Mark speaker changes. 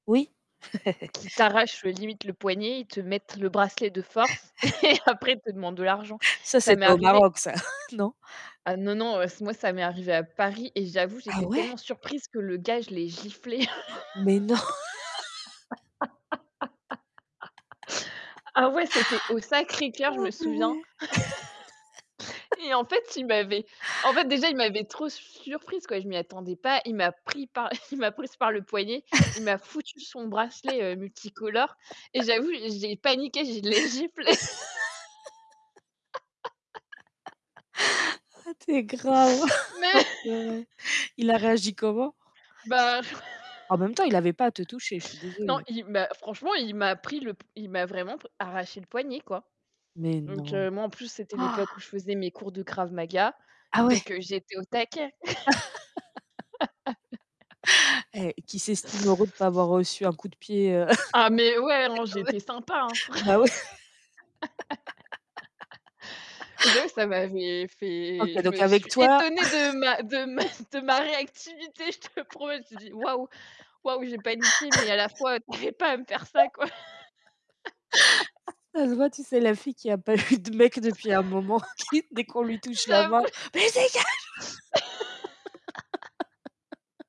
Speaker 1: Oui.
Speaker 2: Qui t'arrachent, heu, limite le poignet, ils te mettent le bracelet de force et après, ils te demandent de l'argent.
Speaker 1: Ça,
Speaker 2: Ça
Speaker 1: c'est
Speaker 2: m'est
Speaker 1: pas au
Speaker 2: arrivé
Speaker 1: Maroc ça. Non?
Speaker 2: Ah, non, non, heu, ç moi, ça m'est arrivé à Paris et j'avoue,
Speaker 1: Ah
Speaker 2: j'étais
Speaker 1: ouais?
Speaker 2: tellement surprise que le gars je l'ai giflé.
Speaker 1: Mais non?
Speaker 2: Ah ouais, c'était au Sacré Cœur, je
Speaker 1: Ah
Speaker 2: me souviens,
Speaker 1: purée.
Speaker 2: et en fait il m'avait en fait déjà, il m'avait trop surprise, quoi, je m'y attendais pas, il m'a pris par la il m'a prise par le poignet, il m'a foutu son bracelet, heu, multicolore et j'avoue, j'ai paniqué, je l'ai giflé.
Speaker 1: Ah tu es grave!
Speaker 2: Mais
Speaker 1: Oh purée. Il a réagi comment?
Speaker 2: Bah
Speaker 1: En même temps, il avait pas à te toucher. Je suis
Speaker 2: non
Speaker 1: désolée.
Speaker 2: il bah franchement, il m'a pris le p il m'a vraiment p arraché le poignet, quoi.
Speaker 1: Mais
Speaker 2: Donc,
Speaker 1: non.
Speaker 2: heu, moi en plus, c'était l'époque où je faisais mes cours de krav maga,
Speaker 1: Ah ouais?
Speaker 2: donc, heu, j'étais au taquet.
Speaker 1: Hé, qu'il s'estime heureux de pas avoir reçu un coup de pied, heu,
Speaker 2: Ah, mais ouais, hein, j'étais sympa, hein.
Speaker 1: [unintelligible]
Speaker 2: Fr
Speaker 1: bah, oui.
Speaker 2: et j'avoue que ça m'avait fait
Speaker 1: OK,
Speaker 2: je
Speaker 1: donc
Speaker 2: me
Speaker 1: avec
Speaker 2: suis
Speaker 1: toi
Speaker 2: étonnée de ma de ma de ma réactivité, je te promets je me suis dit: «Waouh waouh», j'ai paniqué, mais à la fois, heu, tu avais pas à me faire ça, quoi.
Speaker 1: Ça se voit. Tu sais la fille qui a pas eu de mec depuis un moment, qui, dès qu'on lui touche la main:
Speaker 2: J'avoue
Speaker 1: «Beh, dégage!»